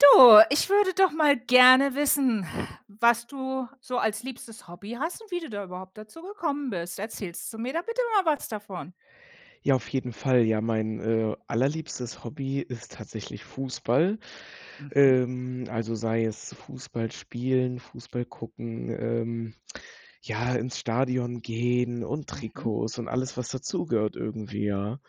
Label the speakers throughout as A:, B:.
A: Du, ich würde doch mal gerne wissen, was du so als liebstes Hobby hast und wie du da überhaupt dazu gekommen bist. Erzählst du mir da bitte mal was davon?
B: Ja, auf jeden Fall. Ja, mein, äh, allerliebstes Hobby ist tatsächlich Fußball.
A: Mhm.
B: Ähm, also sei es Fußball spielen, Fußball gucken, ähm, ja, ins Stadion gehen und
A: Mhm.
B: Trikots und alles, was dazugehört irgendwie, ja.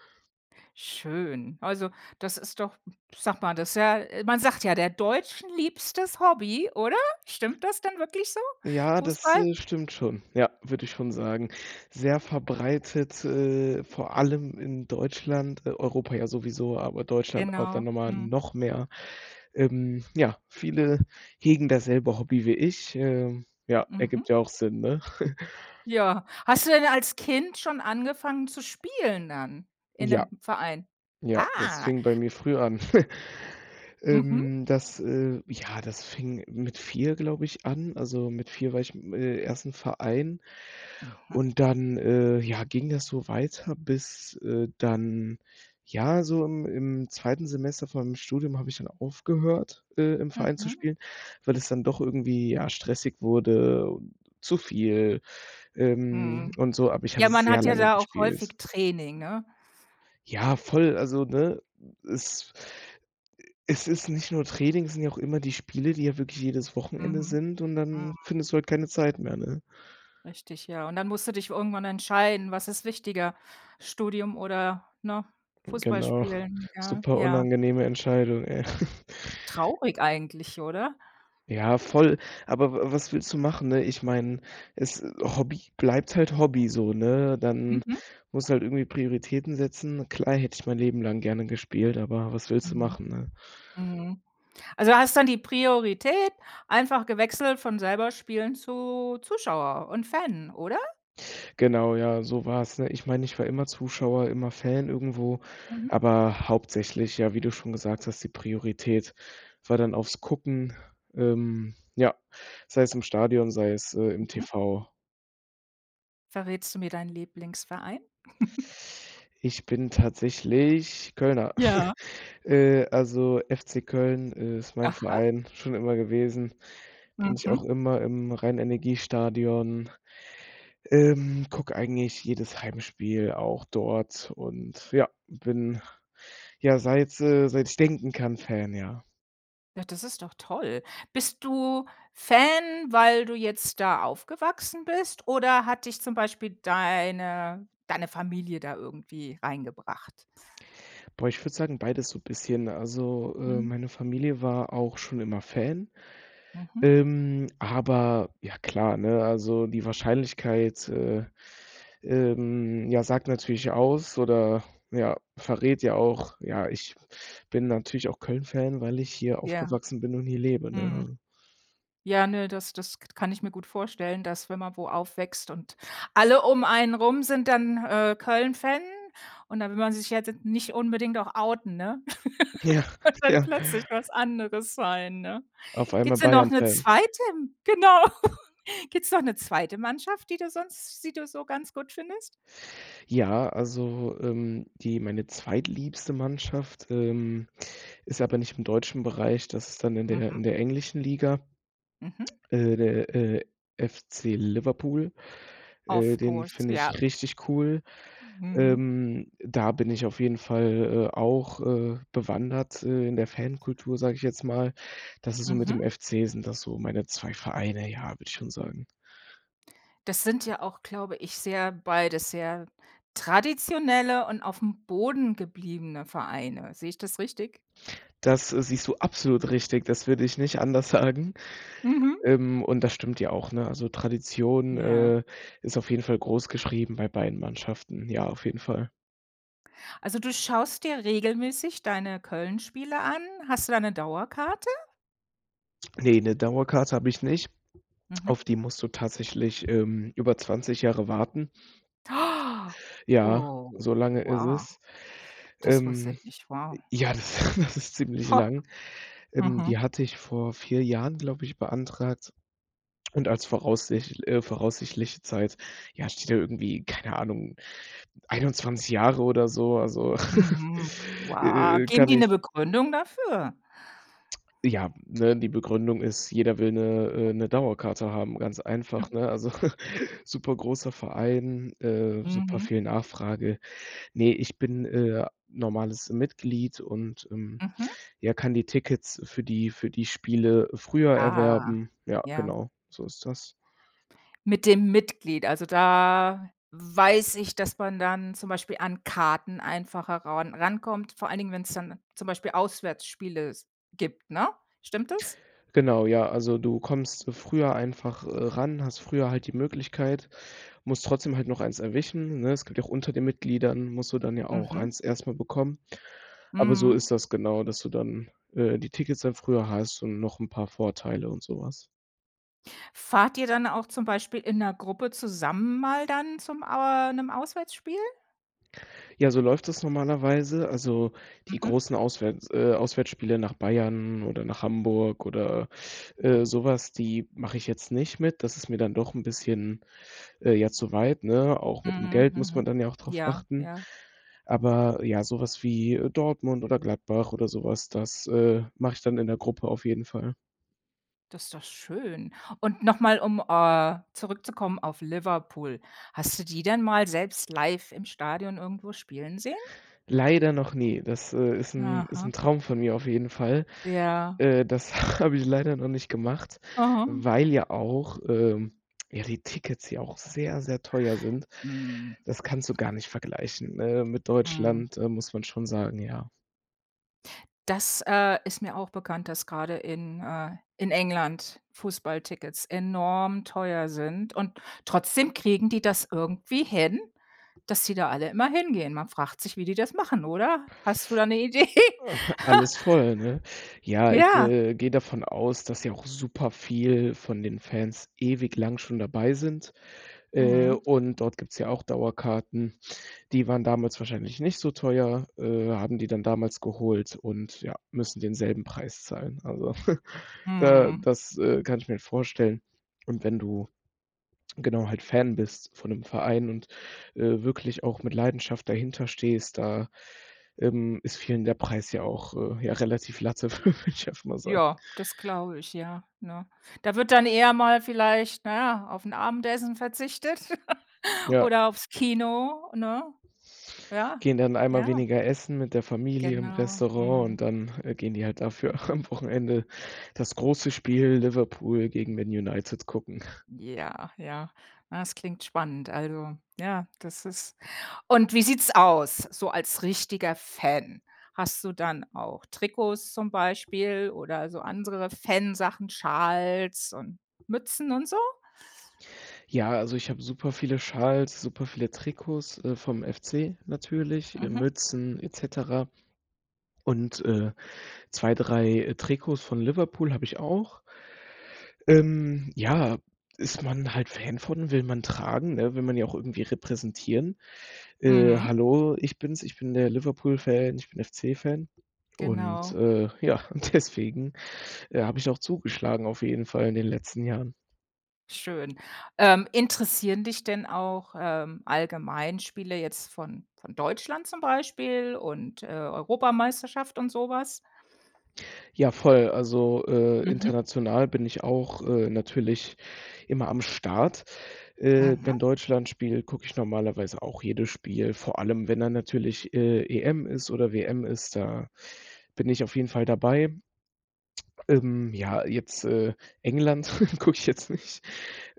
A: Schön. Also, das ist doch sag mal, das ist ja man sagt ja der Deutschen liebstes Hobby, oder? Stimmt das denn wirklich so,
B: Ja, das,
A: Fußball?
B: äh, stimmt schon, ja, würde ich schon sagen. Sehr verbreitet, äh, vor allem in Deutschland. E Europa ja sowieso, aber Deutschland aber dann
A: Genau.
B: nochmal
A: Mhm.
B: noch mehr. Ähm, ja, viele hegen dasselbe Hobby wie ich. Ähm, ja,
A: Mhm.
B: ergibt ja auch Sinn, ne?
A: Ja. Hast du denn als Kind schon angefangen zu spielen dann in
B: Ja.
A: 'nem Verein?
B: Ja, das
A: Ah.
B: fing bei mir früh an.
A: Mhm.
B: Ähm, das, äh ja, das fing mit 4 glaube ich an. Also, mit 4 war ich, im, äh im 1. Verein
A: Mhm.
B: und dann, äh, ja ging das so weiter bis, äh, dann ja so im im 2. Semester von meinem Studium habe ich dann aufgehört, äh, im Verein zu
A: Mhm.
B: spielen, weil es dann doch irgendwie ja stressig wurde, und zu viel, ähm,
A: Mhm.
B: und so, aber ich habe
A: Ja, man
B: sehr
A: hat ja
B: lange
A: da auch
B: gespielt.
A: häufig Training, ne?
B: Ja voll, also ne, es es ist nicht nur Training, sind ja auch immer die Spiele, die ja wirklich jedes Wochenende
A: Mhm,
B: sind und
A: mhm.
B: dann findest du halt keine Zeit mehr, ne?
A: Richtig, ja. Und dann musst du dich irgendwann entscheiden, was ist wichtiger: Studium oder, ne,
B: Genau,
A: Fußballspielen, ja.
B: super
A: Ja.
B: unangenehme Entscheidung, ey.
A: Traurig eigentlich, oder?
B: Ja, voll, aber wa was willst du machen, ne? Ich meine, es Hobby bleibt halt Hobby so, ne? Dann
A: Mhm.
B: muss du halt irgendwie Prioritäten setzen. Klar, hätte ich mein Leben lang gerne gespielt, aber was willst du
A: Mhm.
B: machen, ne?
A: Mhm. Also hast dann die Priorität, einfach gewechselt von selber spielen zu Zuschauer und Fan, oder?
B: Genau, ja, so war's, ne? Ich meine, ich war immer Zuschauer, immer Fan irgendwo,
A: Mhm.
B: aber hauptsächlich, ja, wie du schon gesagt hast, die Priorität war dann aufs Gucken, ähm, ja, sei es im Stadion, sei es, äh, im
A: Mhm.
B: TV.
A: Verrätst du mir deinen Lieblingsverein?
B: Ich bin tatsächlich Kölner.
A: Ja.
B: Äh, also FC Köln ist mein
A: Aha.
B: Verein schon immer gewesen. Bin ich auch
A: Mhm.
B: immer im Rhein-Energie-STADION, ähm, gucke eigentlich jedes Heimspiel auch dort und ja, bin, ja, seit, äh seit ich denken kann, Fan, ja.
A: Ja, das ist doch toll. Bist du Fan, weil du jetzt da aufgewachsen bist, oder hat dich zum Beispiel deine deine Familie da irgendwie reingebracht?
B: Boah, ich würde sagen, beides so bisschen. Also, äh,
A: Mhm.
B: meine Familie war auch schon immer Fan,
A: Mhm.
B: ähm, aber ja klar, ne, also die Wahrscheinlichkeit, äh, ähm, ja, sagt natürlich aus oder ja verrät ja auch ja, ich bin natürlich auch Köln-Fan, weil ich hier
A: Ja,
B: aufgewachsen bin und hier lebe,
A: mhm,
B: ne?
A: ja, ne, das das k kann ich mir gut vorstellen, dass, wenn man wo aufwächst und alle um einen rum sind dann, äh, Köln-Fan und dann will man sich ja nicht unbedingt auch outen, ne?
B: Ja,
A: Und dann
B: ja.
A: plötzlich was anderes sein, ne?
B: Auf einmal
A: Gibt's denn noch 'ne
B: Bayern-Fan.
A: 2. Genau. Gibt's noch 'ne 2. Mannschaft, die du sonst die du so ganz gut schön findest?
B: Ja, also, ähm, die meine zweitliebste Mannschaft, ähm, ist aber nicht im deutschen Bereich. Das ist dann in der
A: Mhm.
B: in der englischen Liga.
A: Mhm.
B: Äh, der, äh, FC Liverpool, äh,
A: Of
B: den
A: course.
B: finde ich
A: Ja.
B: richtig cool.
A: Mhm.
B: Ähm, da bin ich auf jeden Fall, äh, auch, äh, bewandert, äh, in der Fankultur, sage ich jetzt mal. Das ist so mit
A: Mhm.
B: dem FC, sind das so meine zwei Vereine, ja, würde ich schon sagen.
A: Das sind ja auch, glaube ich, sehr beides sehr traditionelle und aufm Boden gebliebene Vereine. Sehe ich das richtig?
B: Das, äh, siehst du absolut richtig. Das würde ich nicht anders sagen,
A: Mhm.
B: ähm, und das stimmt ja auch, ne? Also Tradition,
A: Ja.
B: äh, ist auf jeden Fall großgeschrieben bei beiden Mannschaften. Ja, auf jeden Fall.
A: Also du schaust dir regelmäßig deine Köln-Spiele an. Hast du da 'ne Dauerkarte?
B: Ne, ‘ne Dauerkarte habe ich nicht.
A: Mhm.
B: Auf die musst du tatsächlich, ähm, über 20 Jahre warten. Ja,
A: Oh,
B: so lange es
A: wow.
B: ist.
A: Das wusste ich
B: Ähm,
A: nicht, wow.
B: ja, das das ist ziemlich
A: Ho!
B: lang. Ähm, die
A: Mhm.
B: hatte ich vor 4 Jahren, glaube ich, beantragt und als voraussich äh, voraussichtliche Zeit, ja, steht da irgendwie, keine Ahnung, 21 Jahre oder so, also,
A: Mhm,
B: äh
A: wow.
B: äh äh,
A: Geben
B: kann
A: die 'ne
B: ich
A: Begründung dafür?
B: Ja, ne? Die Begründung ist, jeder will ‘ne äh, ‘ne Dauerkarte haben, ganz einfach,
A: Hm.
B: ‘ne? Also, super großer Verein, äh, super
A: Mhm.
B: viel Nachfrage. Ne, ich bin, äh, normales Mitglied und, ähm,
A: Mhm.
B: ja kann die Tickets für die für die Spiele früher
A: Ah,
B: erwerben. Ja,
A: ja.
B: genau, so ist das.
A: Mit dem Mitglied, also da weiß ich, dass man dann zum Beispiel an Karten einfacher ran ran rankommt, vor allen Dingen, wenn's dann zum Beispiel Auswärtsspiele s gibt, ne? Stimmt das?
B: Genau, ja, also du kommst früher einfach, äh, ran, hast früher halt die Möglichkeit, musst trotzdem halt noch eins erwischen, ne? Es gibt ja auch unter den Mitgliedern, musst du dann ja auch
A: Mhm.
B: eins erstmal bekommen. Aber, so
A: Mhm.
B: ist das genau, dass du dann, äh, die Tickets dann früher hast und noch 'n paar Vorteile und so was.
A: Fahrt ihr dann auch zum Beispiel in 'ner Gruppe zusammen mal dann zum äh, 'nem Auswärtsspiel?
B: Ja, so läuft das normalerweise. Also, die
A: Mhm.
B: großen Auswärts äh, Auswärtsspiele nach Bayern oder nach Hamburg oder, äh, so was, die mache ich jetzt nicht mit. Das ist mir dann doch 'n bisschen, äh, ja, zu weit, ne? Auch mit dem
A: Mhm,
B: Geld muss
A: mhm.
B: man dann ja auch drauf
A: Ja,
B: achten.
A: ja.
B: Aber ja, sowas wie Dortmund oder Gladbach oder sowas, das, äh, mache ich dann in der Gruppe auf jeden Fall.
A: Das ist doch schön. Und noch mal, um, äh, zurückzukommen auf Liverpool. Hast du die denn mal selbst live im Stadion irgendwo spielen sehen?
B: Leider noch nie, das, äh, ist 'n ist
A: Aha.
B: 'n Traum von mir auf jeden Fall.
A: Ja.
B: Äh, das habe ich leider noch nicht gemacht,
A: Aha.
B: weil ja auch, ähm ja die Tickets hier auch sehr, sehr teuer sind.
A: Mhm.
B: Das kannst du gar nicht vergleichen, äh, mit
A: Mhm.
B: Deutschland, äh, muss man schon sagen, ja.
A: Das, äh, ist mir auch bekannt, dass gerade in äh, in England Fußballtickets enorm teuer sind und trotzdem kriegen die das irgendwie hin, dass die da alle immer hingehen. Man fragt sich, wie die das machen oder? Hast du da eine Idee?
B: Alles voll, ne? Ja, ich,
A: Ja.
B: äh, gehe davon aus, dass ja auch super viel von den Fans ewig lang schon dabei sind, äh,
A: Mhm.
B: und dort gibt's ja auch Dauerkarten. Die waren damals wahrscheinlich nicht so teuer, äh, haben die dann damals geholt und ja, müssen denselben Preis zahlen. Also, da
A: Mhm.
B: das, äh, kann ich mir halt vorstellen und wenn du, genau, halt Fan bist von 'nem Verein und, äh, wirklich auch mit Leidenschaft dahinter stehst, da, ähm, ist vielen der Preis ja auch ja, äh, relativ latte würde ich einfach mal sagen.
A: Ja, das glaube ich, ja, ne? Da wird dann eher mal vielleicht, na ja, auf 'n Abendessen verzichtet
B: Ja.
A: oder aufs Kino, ne? Ja,
B: Gehen dann einmal
A: ja.
B: weniger essen mit der Familie im
A: Genau.
B: Restaurant
A: Mhm.
B: und dann, äh, gehen die halt dafür am Wochenende das große Spiel Liverpool gegen Man United gucken.
A: Ja, ja. Na, das klingt spannend, also ja, das ist und wie sieht's aus so als richtiger Fan? Hast du dann auch Trikots zum Beispiel oder so andere Fan Sachen, Schals und Mützen und so?
B: Ja, also ich habe super viele Schals, super viele Trikots, äh, vom FC natürlich, äh,
A: Mhm.
B: Mützen, et cetera und, äh, 2, 3 Trikots von Liverpool habe ich auch. Ähm, ja, ist man halt Fan von, will man tragen, ne, will man ja auch irgendwie repräsentieren. Äh,
A: Mhm.
B: hallo, ich bin's, ich bin der Liverpool Fan, ich bin FC Fan und,
A: Genau.
B: äh, ja, und deswegen, äh, habe ich auch zugeschlagen auf jeden Fall in den letzten Jahren.
A: Schön. Ähm, interessieren dich denn auch, ähm, Allgemeinspiele jetzt von von Deutschland zum Beispiel und, äh, Europameisterschaft und so was?
B: Ja, voll, also, äh,
A: Mhm.
B: international bin ich auch, äh, natürlich immer am Start. Äh,
A: Mhm.
B: wenn Deutschland spielt, gucke ich normalerweise auch jedes Spiel, vor allem wenn dann natürlich, äh, EM ist oder WM ist, da bin ich auf jeden Fall dabei. Ähm, ja jetzt, äh, England gucke ich jetzt nicht.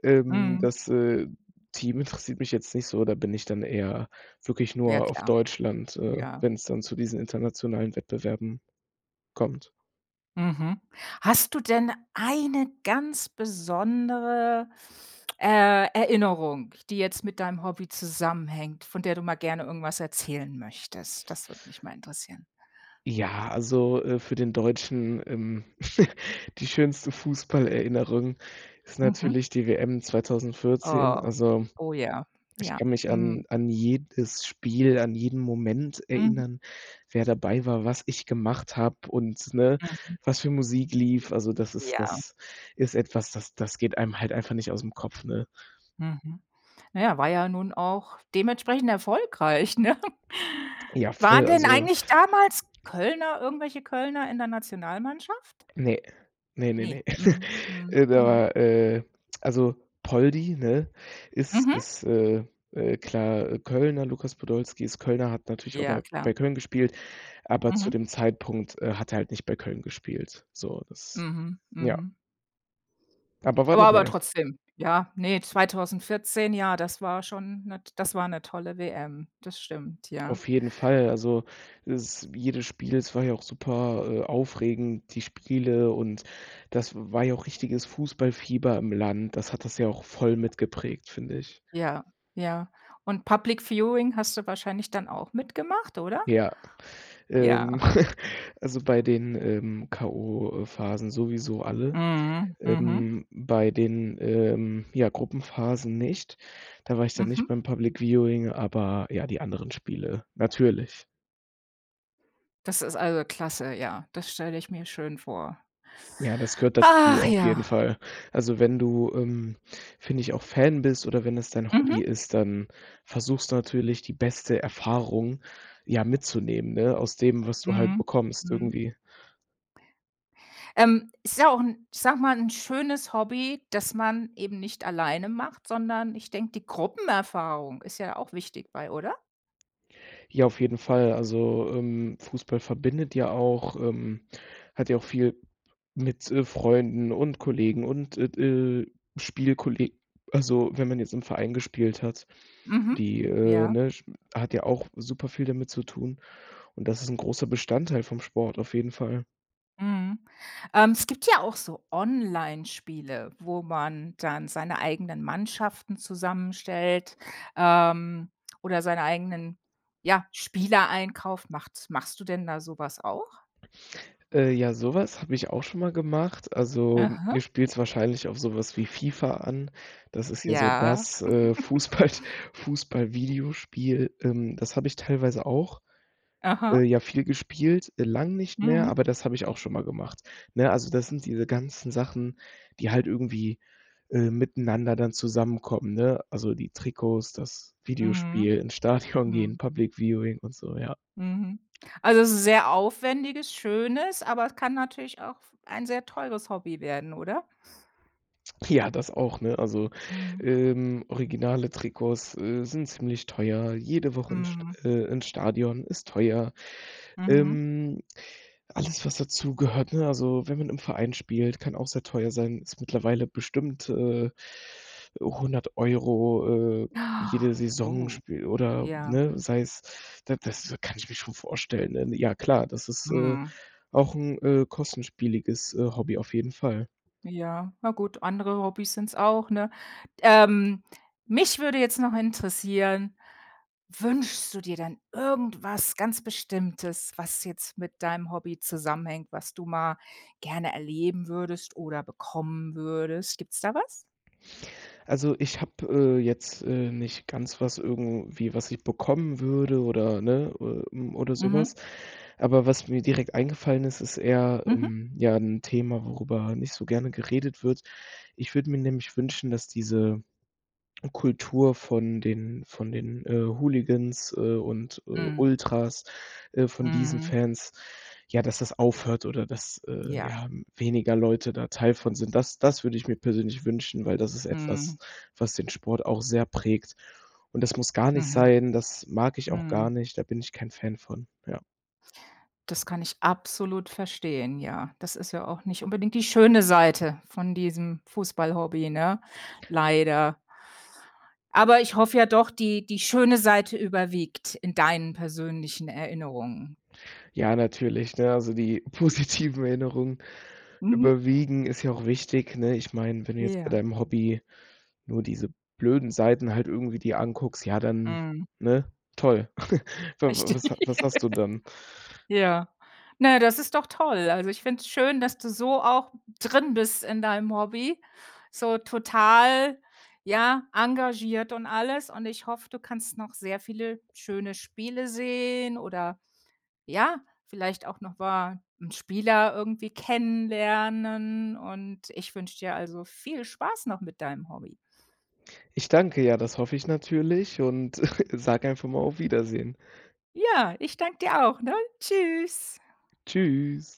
B: Ähm,
A: Mhm.
B: das, äh, Team interessiert mich jetzt nicht so, da bin ich dann eher wirklich
A: Ja,
B: nur auf
A: klar.
B: Deutschland, äh,
A: Ja.
B: wenn's dann zu diesen internationalen Wettbewerben kommt.
A: Mhm. Hast du denn eine ganz besondere, äh, Erinnerung, die jetzt mit deinem Hobby zusammenhängt, von der du mal gerne irgendwas erzählen möchtest? Das würde mich mal interessieren.
B: Ja, also, äh, für den Deutschen, ähm, die schönste Fußballerinnerung ist
A: Mhm.
B: natürlich die WM 2014,
A: Oh.
B: also
A: Oh, ja.
B: ich
A: Ja.
B: kann mich
A: Mhm.
B: an an jedes Spiel, an jeden Moment
A: Mhm.
B: erinnern, wer dabei war, was ich gemacht habe und ne,
A: Mhm.
B: was für Musik lief. Also, das ist
A: Ja.
B: das ist etwas, das das geht einem halt einfach nicht ausm Kopf, ne?
A: Mhm. Na ja, war ja nun auch dementsprechend erfolgreich, ne?
B: Ja,
A: Waren
B: voll,
A: denn
B: also
A: eigentlich damals Kölner, irgendwelche Kölner, in der Nationalmannschaft?
B: Ne, ne, ne,
A: Ne.
B: ne.
A: Mhm. Mhm.
B: Da
A: Aha.
B: war, äh, also Poldi, ne, ist
A: Mhm.
B: ist, äh äh, klar Kölner, Lukas Podolski ist Kölner hat natürlich auch
A: Ja,
B: mal
A: klar.
B: bei Köln gespielt, aber zu
A: Mhm.
B: dem Zeitpunkt, äh, hat er halt nicht bei Köln gespielt, so das
A: Mhm.
B: ja.
A: Mhm.
B: Aber war
A: War aber
B: dabei.
A: trotzdem ja ne, 2014, ja, das war schon ne das war ne tolle WM, das stimmt, ja.
B: Auf jeden Fall, also s jedes Spiel, es war ja auch super, äh aufregend, die Spiele und das war ja auch richtiges Fußballfieber im Land. Das hat das ja auch voll mitgeprägt, finde ich.
A: Ja, ja und Public Viewing hast du wahrscheinlich dann auch mitgemacht, oder?
B: Ja, ähm,
A: Ja.
B: also, bei den, ähm, K.O.-Phasen sowieso alle.
A: Mhm. Mhm.
B: Ähm, bei den, ähm, ja Gruppenphasen, nicht, da war ich dann nicht
A: Mhm.
B: beim Public Viewing, aber ja, die anderen Spiele natürlich.
A: Das ist, also, klasse, ja. Das stelle ich mir schön vor.
B: Ja, das gehört dazu
A: Ach
B: auf jeden
A: ja.
B: Fall. Also, wenn du, ähm, finde ich, auch Fan bist oder wenn es dein
A: Mhm.
B: Hobby ist, dann versuchst du natürlich die beste Erfahrung ja mitzunehmen, ne, aus dem, was du halt
A: Mhm,
B: bekommst
A: mhm.
B: irgendwie.
A: Ähm, es ist ja auch 'n, ich sage mal, 'n schönes Hobby, das man eben nicht alleine macht, sondern ich denke, die Gruppenerfahrung ist ja auch wichtig bei, oder?
B: Ja, auf jeden Fall, also, ähm, Fußball verbindet ja auch, ähm, hat ja auch viel mit, äh, Freunden und Kollegen und et äh, Spielkolleg also, wenn man jetzt im Verein gespielt hat,
A: Mhm,
B: die, äh,
A: ja.
B: ne, Sp hat ja auch super viel damit zu tun und das ist 'n großer Bestandteil vom Sport auf jeden Fall.
A: Mhm. Ähm, es gibt ja auch so Onlinespiele, wo man dann seine eigenen Mannschaften zusammenstellt, ähm, oder seine eigenen, ja, Spielereinkauf macht's machst du denn da so was auch?
B: Äh, ja, so was habe ich auch schon mal gemacht. Also,
A: Aha.
B: du spielst wahrscheinlich auf so was wie FIFA an. Das ist ja so
A: Ja.
B: das, äh, Fußball Fußball-Videospiel. Ähm, das habe ich teilweise auch, äh,
A: Aha.
B: ja, viel gespielt, äh, lang nicht mehr,
A: Mhm.
B: aber das habe ich auch schon mal gemacht. Ne, also das sind diese ganzen Sachen, die halt irgendwie, äh, miteinander dann zusammenkommen, ne? Also, die Trikots, das
A: Mhm,
B: Videospiel, ins Stadion gehen,
A: Mhm.
B: Public-Viewing und so, ja.
A: Mhm. Also sehr aufwendiges, schönes, aber es kann natürlich auch ein sehr teures Hobby werden, oder?
B: Ja, das auch, ne? Also,
A: Mhm.
B: ähm, originale Trikots, äh, sind ziemlich teuer, jede Woche ins St
A: Mhm.
B: äh, ins Stadion ist teuer.
A: Mhm.
B: Ähm, alles, was dazugehört, ne? Also, wenn man im Verein spielt, kann auch sehr teuer sein, ist mittlerweile bestimmt, äh, 100 €, äh, jede Saison
A: Oh,
B: Spiel oder
A: ja.
B: ne, sei es da das kann ich mir schon vorstellen, denn ja klar, das ist, äh,
A: Mhm.
B: auch 'n, äh, kostspieliges, äh, Hobby auf jeden Fall.
A: Ja, na gut, andere Hobbys sind's auch, ne? Ähm, mich würde jetzt noch interessieren, wünschst du dir denn irgendwas ganz Bestimmtes, was jetzt mit deinem Hobby zusammenhängt, was du mal gerne erleben würdest oder bekommen würdest? Gibt's da was?
B: Also, ich habe, äh, jetzt, äh, nicht ganz was irgendwie, was ich bekommen würde oder ne, äh, hm, oder so
A: Mhm.
B: was. Aber was mir direkt eingefallen ist, ist eher,
A: Mhm.
B: ähm, ja 'n Thema, worüber nicht so gerne geredet wird. Ich würde mir nämlich wünschen, dass diese Kultur von den von den, äh, Hooligans, äh, und, äh,
A: Mhm.
B: Ultras, äh, von diesen
A: Mhm.
B: Fans, ja, dass das aufhört oder dass, äh,
A: Ja.
B: ja, hm, weniger Leute da Teil von sind. Das das würde ich mir persönlich wünschen, weil das ist etwas,
A: Mhm.
B: was den Sport auch sehr prägt und das muss gar nicht
A: Mhm,
B: sein. Das mag ich auch gar
A: mhm.
B: nicht. Da bin ich kein Fan von, ja.
A: Das kann ich absolut verstehen, ja. Das ist ja auch nicht unbedingt die schöne Seite von diesem Fußball-Hobby, ne, leider. Aber ich hoffe ja doch, die die schöne Seite überwiegt in deinen persönlichen Erinnerungen.
B: Ja natürlich, ne, also die positiven Erinnerungen
A: Mhm.
B: überwiegen ist ja auch wichtig, ne? Ich meine, wenn du jetzt bei
A: Ja.
B: deinem Hobby nur diese blöden Seiten halt irgendwie dir anguckst, ja dann,
A: Mhm.
B: ne, toll. Wa wa was ha
A: Richtig.
B: was hast du dann?
A: Ja. Naja, das ist doch toll. Also ich finde es schön, dass du so auch drin bist in deinem Hobby, so total, ja, engagiert und alles. Und ich hoffe, du kannst noch sehr viele schöne Spiele sehen oder, ja, vielleicht auch noch mal 'n Spieler irgendwie kennenlernen. Und ich wünsche dir also viel Spaß noch mit deinem Hobby.
B: Ich danke ja, das hoffe ich natürlich und sage einfach mal auf Wiedersehen.
A: Ja, ich danke dir auch, ne? Tschüss.
B: Tschüss.